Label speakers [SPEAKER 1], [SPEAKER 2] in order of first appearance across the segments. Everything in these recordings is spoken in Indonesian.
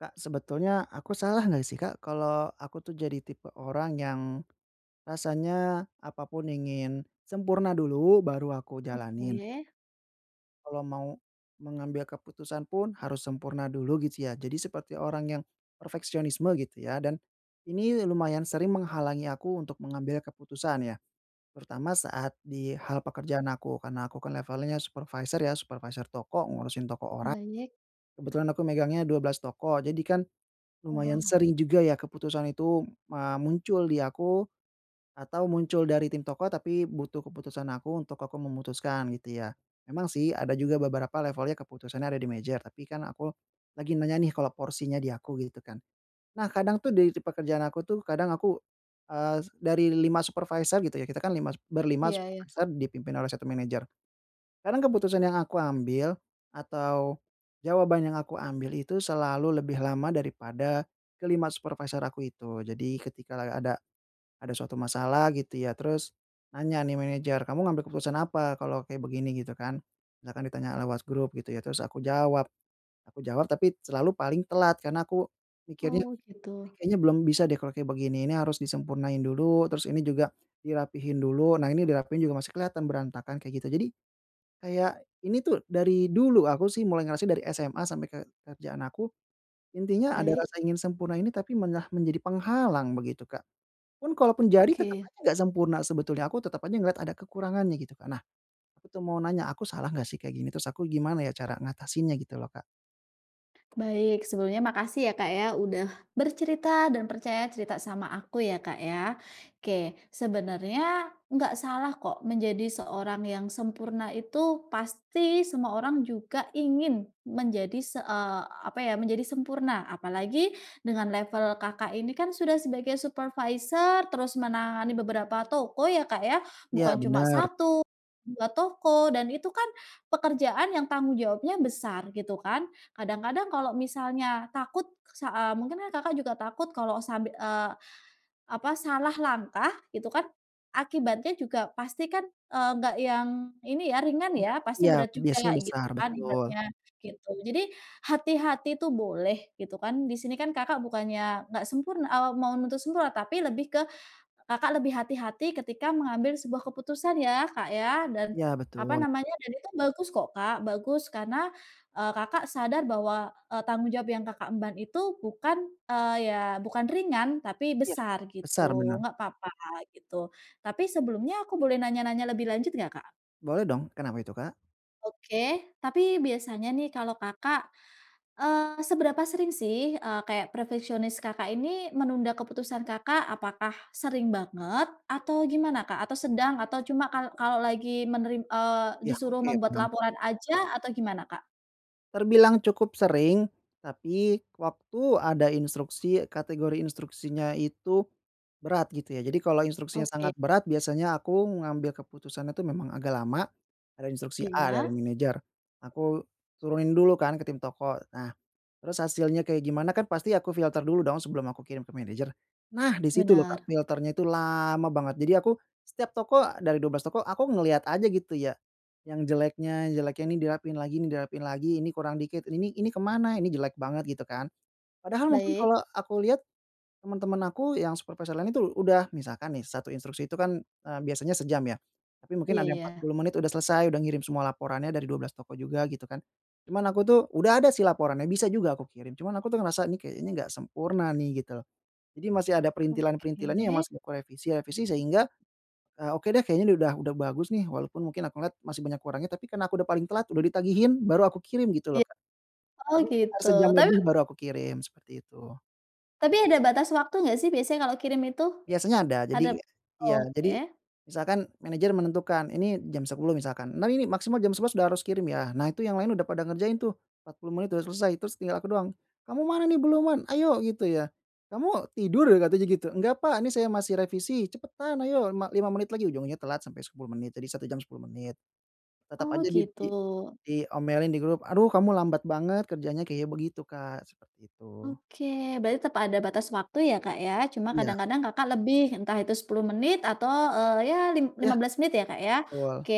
[SPEAKER 1] Kak, sebetulnya aku salah nggak sih, Kak, kalau aku tuh jadi tipe orang yang rasanya apa pun ingin sempurna dulu baru aku jalanin?
[SPEAKER 2] Oke.
[SPEAKER 1] Kalau mau mengambil keputusan pun harus sempurna dulu gitu ya. Jadi seperti orang yang perfeksionisme gitu ya. Dan ini lumayan sering menghalangi aku untuk mengambil keputusan ya. Terutama saat di hal pekerjaan aku. Karena aku kan levelnya supervisor ya, supervisor toko ngurusin toko orang.
[SPEAKER 2] Banyak.
[SPEAKER 1] Kebetulan aku megangnya 12 toko. Jadi kan lumayan
[SPEAKER 2] Wah.
[SPEAKER 1] sering juga ya keputusan itu ma muncul di aku atau muncul dari tim toko, tapi butuh keputusan aku untuk aku memutuskan gitu ya. Emang sih ada juga beberapa levelnya keputusannya ada di manager. Tapi kan aku lagi nanya nih kalau porsinya di aku gitu kan. Nah, kadang tuh di di pekerjaan aku tuh kadang aku, eee, dari 5 supervisor gitu ya, kita kan lima berlima
[SPEAKER 2] Iya iya.
[SPEAKER 1] supervisor dipimpin oleh 1 manager. Karena keputusan yang aku ambil atau jawaban yang aku ambil itu selalu lebih lama daripada ke-5 supervisor aku itu. Jadi ketika lagi ada ada suatu masalah gitu ya terus nanya nih manager, "Kamu ngambil keputusan apa kalau kayak begini?" Gitu kan. Misalkan ditanya lewat grup gitu ya. Terus aku jawab aku jawab tapi selalu paling telat karena aku mikirnya,
[SPEAKER 2] Oh,
[SPEAKER 1] "Ini
[SPEAKER 2] gitu.
[SPEAKER 1] kayaknya belum bisa deh kalau kayak begini, ini harus disempurnain dulu terus ini juga dirapihin dulu. Nah, ini dirapihin juga masih kelihatan berantakan," kayak gitu. Jadi kayak ini tuh dari dulu aku sih mulai ngerasa dari SMA sampai ke kerjaan aku, intinya ada
[SPEAKER 2] Baik.
[SPEAKER 1] rasa ingin sempurna ini tapi malah menjadi penghalang begitu, Kak. Pun kalaupun jadi tetep
[SPEAKER 2] Oke.
[SPEAKER 1] aja enggak sempurna sebetulnya aku tetep aja ngeliat ada kekurangannya gitu, Kak. Nah, aku tuh mau nanya aku salah nggak sih kayak gini? Terus aku gimana ya cara ngatasinnya gitu loh, Kak.
[SPEAKER 2] Baik, sebelumnya makasih ya Kak ya, udah bercerita dan percaya cerita sama aku ya, Kak, ya. Oke, sebenarnya nggak salah kok menjadi seorang yang sempurna itu pasti semua orang juga ingin menjadi se eee, apa ya, menjadi sempurna. Apalagi dengan level Kakak, ini kan sudah sebagai supervisor, terus menangani beberapa toko ya, Kak, ya?
[SPEAKER 1] Iya,
[SPEAKER 2] Bukan cuma
[SPEAKER 1] benar.
[SPEAKER 2] 1, 2 toko dan itu kan pekerjaan yang tanggung jawabnya besar, gitu kan. Kadang-kadang kalau misalnya takut sa eee, mungkin Kakak juga takut kalau sab eee, apa, salah langkah gitu kan, akibatnya juga pasti kan, eee, nggak yang ini ya, ringan
[SPEAKER 1] Engga
[SPEAKER 2] ya, pasti
[SPEAKER 1] iya,
[SPEAKER 2] berat
[SPEAKER 1] biasanya
[SPEAKER 2] juga gitu
[SPEAKER 1] besar,
[SPEAKER 2] kan
[SPEAKER 1] betul.
[SPEAKER 2] ibaratnya, gitu. Jadi, hati-hati itu boleh gitu kan, di sini kan Kakak bukannya nggak sempurn eee, mau nuntut sempurna, tapi lebih ke Kakak lebih hati-hati ketika mengambil sebuah keputusan ya Kak ya, dan,
[SPEAKER 1] Iya
[SPEAKER 2] apa
[SPEAKER 1] betul.
[SPEAKER 2] namanya, dan itu bagus kok Kak, bagus. Karena, eee, Kakak sadar bahwa, e tanggung jawab yang Kakak emban itu bukan, eee, ya bukan ringan, tapi
[SPEAKER 1] Iya
[SPEAKER 2] besar,
[SPEAKER 1] besar,
[SPEAKER 2] gitu.
[SPEAKER 1] benar.
[SPEAKER 2] Gak apa-apa gitu. Tapi, sebelumnya aku boleh nanya-nanya lebih lanjut gak, Kak?
[SPEAKER 1] Boleh dong, kenapa itu Kak?
[SPEAKER 2] Oke, tapi biasanya nih kalau Kakak eee, seberapa sering sih e kayak perfeksionis Kakak ini menunda keputusan Kakak, apakah sering banget atau gimana Kak? Atau sedang? Atau cuma kal kalau lagi meneri eee,
[SPEAKER 1] Ya.
[SPEAKER 2] disuruh
[SPEAKER 1] Oke
[SPEAKER 2] membuat
[SPEAKER 1] paham.
[SPEAKER 2] laporan aja atau gimana Kak?
[SPEAKER 1] Terbilang cukup sering, tapi waktu ada instruksi, kategori instruksinya itu berat gitu ya. Jadi kalau instruksinya
[SPEAKER 2] Oke.
[SPEAKER 1] sangat berat, biasanya aku ngambil keputusannya tuh memang agak lama. Ada instruksi A dari
[SPEAKER 2] Iya.
[SPEAKER 1] manajer, aku turunin dulu kan ke tim toko. Nah, terus hasilnya kayak gimana kan pasti aku filter dulu dong sebelum aku kirim ke manajer. Nah di situ loh Kak,
[SPEAKER 2] Benar.
[SPEAKER 1] filter-nya itu lama banget. Jadi aku setiap toko, dari 12 toko aku ngeliat aja gitu ya. Yang jeleknya jeleknya, ini dirapihin lagi ini dirapihin lagi, ini kurang dikit, ini ini ke mana? Ini jelek banget gitu kan. Padahal mungkin
[SPEAKER 2] Baik.
[SPEAKER 1] kalau aku liat, temen-temen aku yang supervisor lain itu udah misalkan nih 1 instruksi itu kan, eee, biasanya sejam ya. Tapi mungkin
[SPEAKER 2] Iya
[SPEAKER 1] ada yang empat
[SPEAKER 2] ya.
[SPEAKER 1] puluh menit udah selesai, udah ngirim semua laporannya dari 12 toko juga gitu kan. Cuman aku tuh udah ada sih laporannya bisa juga aku kirim. Cuman aku tuh ngerasa, nih kayaknya enggak sempurna nih, gitu loh. Jadi masih ada
[SPEAKER 2] Oke.
[SPEAKER 1] perintilan-perintilannya yang masih aku revisi-revisi sehingga, eee, oke deh, kayaknya nih udah udah bagus nih. Walaupun mungkin aku ngelihat masih banyak kurangnya, tapi karena aku udah paling telat udah ditagihin, baru aku kirim gitu
[SPEAKER 2] E
[SPEAKER 1] loh Kak.
[SPEAKER 2] oh
[SPEAKER 1] Jadi sekitar
[SPEAKER 2] gitu,
[SPEAKER 1] sejam
[SPEAKER 2] tapi
[SPEAKER 1] lebih baru aku kirim seperti itu.
[SPEAKER 2] Tapi ada batas waktu nggak sih biasanya kalau kirim itu?
[SPEAKER 1] Biasanya ada,
[SPEAKER 2] Ada
[SPEAKER 1] jadi iya.
[SPEAKER 2] oke.
[SPEAKER 1] Jadi, misalkan manajer menentukan, ini jam 10.00 misalkan, "Nah, ini maksimal jam 11.00 udah harus kirim ya." Nah itu yang lain udah pada ngerjain tuh, 40 menit udah selesai, terus tinggal aku doang. "Kamu mana nih? Belum man ayo," gitu ya. "Kamu tidur?" Katanya gitu. "Enggak Pak, ini saya masih revisi." "Cepetan, ayo lima lima menit lagi." Ujungnya telat sampai 10 menit, jadi 1 jam 10 menit. Tetep
[SPEAKER 2] Oh,
[SPEAKER 1] aja di di
[SPEAKER 2] gitu.
[SPEAKER 1] diomelin di grup, "Aduh kamu lambat banget kerjanya," kayak begitu Kak, seperti itu.
[SPEAKER 2] Oke, berarti tepa ada batas waktu ya Kak ya, cuma
[SPEAKER 1] Iya.
[SPEAKER 2] kadang-kadang Kakak lebih, entah itu 10 menit atau, eee, ya lim
[SPEAKER 1] Iya,
[SPEAKER 2] lima belas menit ya Kak ya,
[SPEAKER 1] owal.
[SPEAKER 2] oke.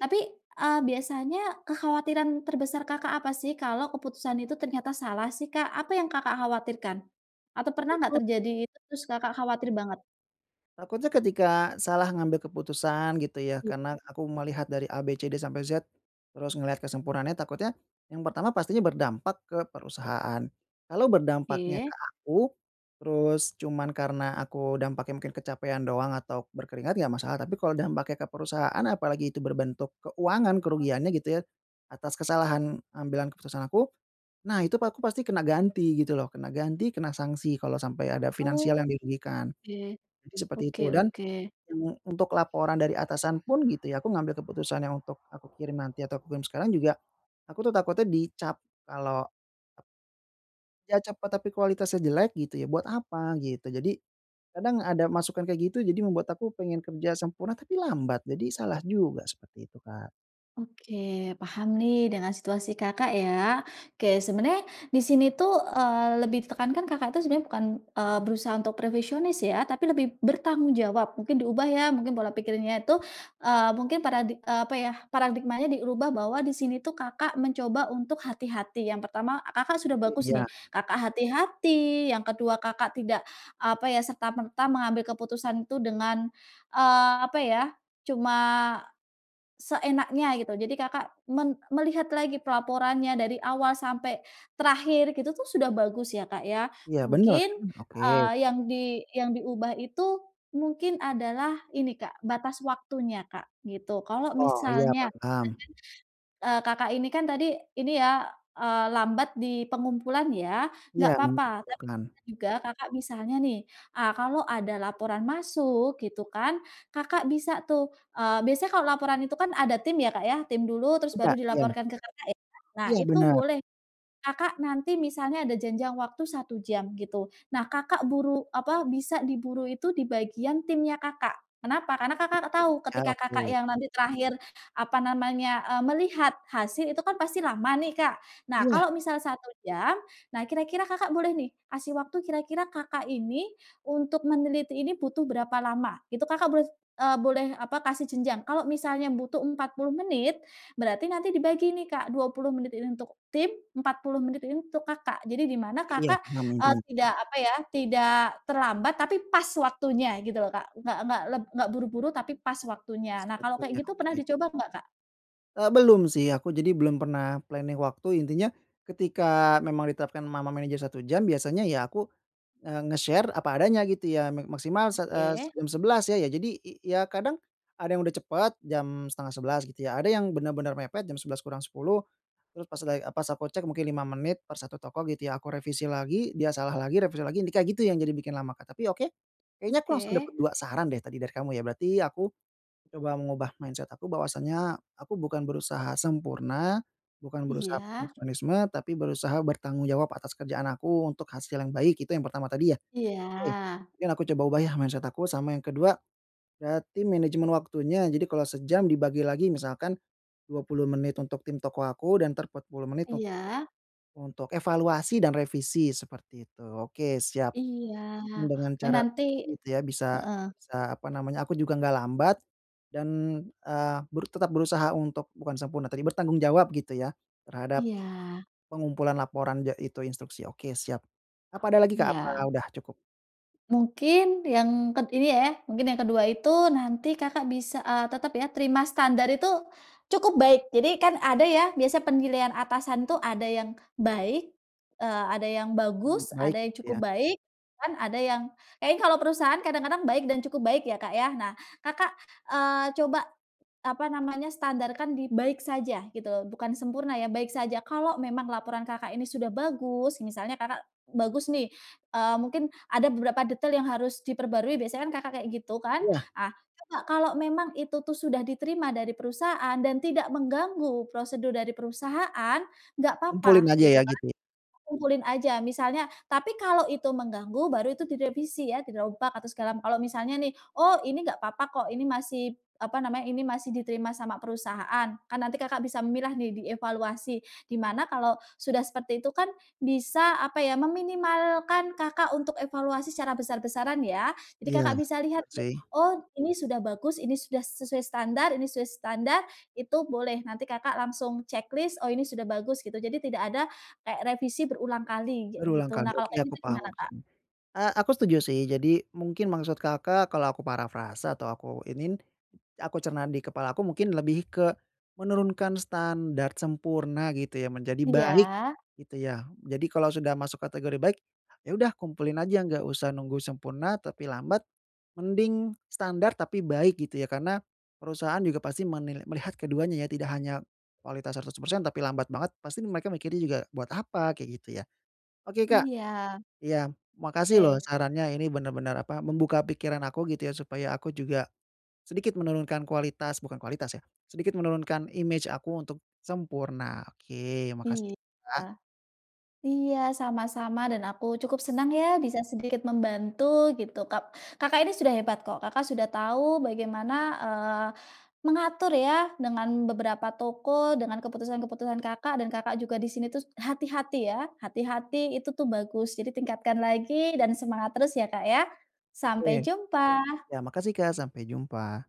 [SPEAKER 2] Tapi, eee, biasanya kekhawatiran terbesar Kakak apa sih, kalau keputusan itu ternyata salah sih Kak? Apa yang Kakak khawatirkan? Atau pernah
[SPEAKER 1] Aku
[SPEAKER 2] nggak
[SPEAKER 1] tuh
[SPEAKER 2] terjadi itu, terus Kakak khawatir banget?
[SPEAKER 1] Takutnya ketika salah ngambil keputusan gitu ya, karena aku melihat dari A, B, C, D sampai Z, terus ngelihat kesempurnaannya, takutnya, mmm, pertama pastinya berdampak ke perusahaan. Kalau berdampaknya
[SPEAKER 2] Iya.
[SPEAKER 1] ke aku, terus cuman karena aku dampaknya mungkin kecapekan doang atau berkeringat, nggak masalah. Tapi kalau dampaknya ke perusahaan, apalagi itu berbentuk keuangan, kerugiannya gitu ya, atas kesalahan ambilan keputusan aku. Nah, itu aku pasti kena ganti gitu lho, kena ganti, kena sanksi kalau sampai ada finansial yang
[SPEAKER 2] Oke.
[SPEAKER 1] dirugikan, jadi seperti
[SPEAKER 2] Oke
[SPEAKER 1] itu. Dan,
[SPEAKER 2] oke.
[SPEAKER 1] mmm, untuk laporan dari atasan pun gitu ya, aku ngambil keputusan yang untuk aku kirim nanti, atau aku kirim sekarang juga, aku tuh takutnya dicap kalau Ya cepet tapi kualitasnya jelek gitu ya, buat apa? Gitu. Jadi, kadang ada masukan kayak gitu, jadi membuat aku pengen kerja sempurna tapi lambat, jadi salah juga. Seperti itu Kak.
[SPEAKER 2] Oke, paham nih dengan situasi Kakak ya. Oke, sebenarnya di sini itu, eee, lebih ditekankan Kakak itu sebenarnya bukan, eee, berusaha untuk perfeksionis ya, tapi lebih bertanggung jawab, mungkin diubah ya, mungkin pola pikirnya itu, eee, mungkin paradi eee, apa ya, paradigmanya diubah bahwa di sini itu Kakak mencoba untuk hati-hati. Yang pertama, Kakak sudah bagus nih,
[SPEAKER 1] Iya.
[SPEAKER 2] Kakak hati-hati, yang kedua Kakak tidak apa ya, serta-merta mengambil keputusan itu dengan, eee, apa ya, cuma, seenaknya gitu. Jadi Kakak men melihat lagi pelaporannya dari awal sampai terakhir gitu tuh sudah bagus ya Kak ya.
[SPEAKER 1] Iya, bener
[SPEAKER 2] Mungkin,
[SPEAKER 1] kan? Oke.
[SPEAKER 2] eee, yang di yang diubah itu mungkin adalah ini Kak, batas waktunya Kak, gitu. Kalau
[SPEAKER 1] Oh, iya
[SPEAKER 2] misalnya, [unintelligible]
[SPEAKER 1] paham.
[SPEAKER 2] eee, Kakak ini kan tadi, ini ya, eee, lambat di pengumpulan ya? Enggak
[SPEAKER 1] Iya,
[SPEAKER 2] apa-apa. Tapi
[SPEAKER 1] mengumpulkan.
[SPEAKER 2] bisa juga Kakak misalnya nih, eee, kalau ada laporan masuk gitu kan, Kakak bisa tuh, eee, biasanya kalau laporan itu kan ada tim ya Kak ya, tim dulu, terus baru
[SPEAKER 1] Enggak, ya.
[SPEAKER 2] dilaporkan ke Kakak ya? Nah,
[SPEAKER 1] Iya,
[SPEAKER 2] itu
[SPEAKER 1] bener.
[SPEAKER 2] boleh. Kakak nanti misalnya ada janjang waktu 1 jam, gitu. Nah, Kakak buru apa, bisa diburu itu di bagian timnya Kakak. Kenapa? Karena Kakak tahu
[SPEAKER 1] Ya,
[SPEAKER 2] ketika Kakak
[SPEAKER 1] oke.
[SPEAKER 2] yang nanti terakhir, apa namanya, eee, melihat hasil itu kan pasti lama nih Kak. Nah,
[SPEAKER 1] Iya.
[SPEAKER 2] kalau misal 1 jam, nah kira-kira Kakak boleh nih, kasih waktu kira-kira Kakak ini untuk meneliti ini butuh berapa lama. Itu Kakak boleh, eee, boleh apa, kasih jenjang. Kalau misalnya butuh 40 menit, berarti nanti dibagi nih Kak, 20 menit ini untuk tim, 40 menit ini untuk Kakak. Jadi di mana
[SPEAKER 1] Iya,
[SPEAKER 2] Kakak,
[SPEAKER 1] paham
[SPEAKER 2] eee,
[SPEAKER 1] intinya.
[SPEAKER 2] tidak apa ya, tidak terlambat, tapi pas waktunya gitu loh Kak. Nggak nggak leb nggak buru-buru tapi pas waktunya.
[SPEAKER 1] Pas
[SPEAKER 2] Nah, kalau kayak
[SPEAKER 1] waktunya,
[SPEAKER 2] gitu pernah
[SPEAKER 1] oke.
[SPEAKER 2] dicoba nggak Kak?
[SPEAKER 1] Eee, belum sih. Aku jadi belum pernah planning waktu. Intinya, ketika memang diterapkan ma ma manajer 1 jam, biasanya ya aku, eee, nge-share apa adanya gitu ya, "Me maksimal sa eee, se
[SPEAKER 2] Oke.
[SPEAKER 1] jam 11 ya." Iya jadi i iya kadang ada yang sudah cepat jam 10:30 gitu ya. Ada yang benar-benar mepet jam 10:50, terus pas lagi, eee, pas aku cek mungkin 5 menit per 1 toko gitu ya. Aku revisi lagi, dia salah lagi, revisi lagi, yang di kayak gitu yang jadi bikin lama, Kak, tapi oke. Kayaknya aku langsung dapat
[SPEAKER 2] Oke.
[SPEAKER 1] 2 saran deh tadi dari kamu ya. Berarti aku coba mengubah mindset aku bahwasanya aku bukan berusaha sempurna, bukan berusaha
[SPEAKER 2] Iya.
[SPEAKER 1] perfeksionisme, tapi berusaha bertanggung jawab atas kerjaan aku untuk hasil yang baik, itu yang pertama tadi ya?
[SPEAKER 2] Iya.
[SPEAKER 1] Oke. Mungkin aku coba ubah yah mindset aku, sama yang kedua, berarti manajemen waktunya. Jadi kalau sejam dibagi lagi, misalkan 20 menit untuk tim toko aku dan entar 40 menit un
[SPEAKER 2] Iya.
[SPEAKER 1] untuk evaluasi dan revisi, seperti itu. Oke, siap.
[SPEAKER 2] Iya,
[SPEAKER 1] Mungkin dengan cara kayak
[SPEAKER 2] menanti
[SPEAKER 1] tadi gitu ya bisa
[SPEAKER 2] heeh.
[SPEAKER 1] bisa, apa namanya, aku juga enggak lambat dan, eee, berut tetap berusaha untuk, bukan sempurna, tapi bertanggung jawab gitu ya terhadap
[SPEAKER 2] Iya.
[SPEAKER 1] pengumpulan laporan ja itu instruksi. Oke, siap. Apa ada lagi, Kak?
[SPEAKER 2] Iya.
[SPEAKER 1] Apa udah cukup?
[SPEAKER 2] Mungkin yang ked ini ya ya, mungkin yang ke kedua itu nanti Kakak bisa, eee, tetap ya terima standar itu cukup baik. Jadi kan ada ya, biasanya penilaian atasan tuh ada yang baik, eee, ada yang
[SPEAKER 1] Mmm,
[SPEAKER 2] bagus,
[SPEAKER 1] baik
[SPEAKER 2] ada yang
[SPEAKER 1] gitu
[SPEAKER 2] cukup
[SPEAKER 1] ya?
[SPEAKER 2] baik, kan ada yang kayaknya kalau perusahaan kadang-kadang baik dan cukup baik ya, Kak, ya. Nah, Kakak, eee, coba, apa namanya, standarkan di baik saja gitu loh. Bukan sempurna ya, baik saja. Kalau memang laporan Kakak ini sudah bagus, misalnya Kakak bagus nih, eee, mungkin ada beberapa detail yang harus diperbarui. Biasanya kan Kakak kayak gitu kan?
[SPEAKER 1] Iya.
[SPEAKER 2] Ah, coba kalau memang itu tuh sudah diterima dari perusahaan dan tidak mengganggu prosedur dari perusahaan, enggak
[SPEAKER 1] Kumpulin
[SPEAKER 2] apa-apa,
[SPEAKER 1] aja
[SPEAKER 2] gitu
[SPEAKER 1] ya
[SPEAKER 2] kan,
[SPEAKER 1] gitu ya?
[SPEAKER 2] kumpulin aja. Misalnya tapi kalau itu mengganggu, baru itu direvisi ya, dirombak atau segala m kalau misalnya nih, "Oh, ini enggak apa-apa kok, ini masih p" apa namanya, "ini masih diterima sama perusahaan." Kan nanti Kakak bisa memilah nih, dievaluasi, di mana kalau sudah seperti itu kan bisa, apa ya, meminimalkan Kakak untuk evaluasi secara besar-besaran ya. Jadi
[SPEAKER 1] Iya
[SPEAKER 2] Kakak bisa
[SPEAKER 1] benar
[SPEAKER 2] lihat
[SPEAKER 1] benar
[SPEAKER 2] nih,
[SPEAKER 1] sih.
[SPEAKER 2] "Oh, ini sudah bagus, ini sudah se sesuai standar, ini sesuai standar." Itu boleh, nanti Kakak langsung ceklis, "Oh, ini sudah bagus." Gitu, jadi tidak ada kayak revisi berulang kali, kayak
[SPEAKER 1] Berulang
[SPEAKER 2] gitu. Nah
[SPEAKER 1] kali.
[SPEAKER 2] kalau
[SPEAKER 1] Oke,
[SPEAKER 2] kayak
[SPEAKER 1] aku
[SPEAKER 2] gitu
[SPEAKER 1] paham
[SPEAKER 2] gimana, Kak?
[SPEAKER 1] maksudnya. Eee, aku setuju sih. Jadi mungkin maksud Kakak kalau aku parafrase atau aku iniin, ya aku cerna di kepala aku, mungkin lebih ke menurunkan standard sempurna gitu ya, menjadi baik
[SPEAKER 2] Iya.
[SPEAKER 1] gitu ya? Mmm, jadi kalau sudah masuk kategori baik, ya udah kumpulin aja, enggak usah nunggu sempurna, tapi lambat. Mending standard, tapi baik gitu ya? Karena perusahaan juga pasti menilai melihat keduanya ya, tidak hanya kualitas 100%, tapi lambat banget. Pasti nih mereka mikirnya juga, "Buat apa?" Kayak gitu ya? Oke, Kak.
[SPEAKER 2] Iya.
[SPEAKER 1] Iya. Makasih loh
[SPEAKER 2] Oke.
[SPEAKER 1] sarannya. Ini benar-benar, apa, membuka pikiran aku gitu ya supaya aku juga sedikit menurunkan kualitas, bukan kualitas ya, sedikit menurunkan imej aku untuk sempurna. Oke, makasih
[SPEAKER 2] Iya.
[SPEAKER 1] ya, Kak.
[SPEAKER 2] Iya, sama-sama dan aku cukup senang ya bisa sedikit membantu gitu Kak. Kakak ini sudah hebat kok. Kakak sudah tahu bagaimana, eee, mengatur ya dengan beberapa toko, dengan keputusan-keputusan Kakak, dan Kakak juga di sini terus hati-hati ya, hati-hati itu tuh bagus. Jadi tingkatkan lagi dan semangat terus ya, Kak, ya.
[SPEAKER 1] Oke.
[SPEAKER 2] Sampai jumpa.
[SPEAKER 1] Iya. Makasih, kak. Sampai jumpa.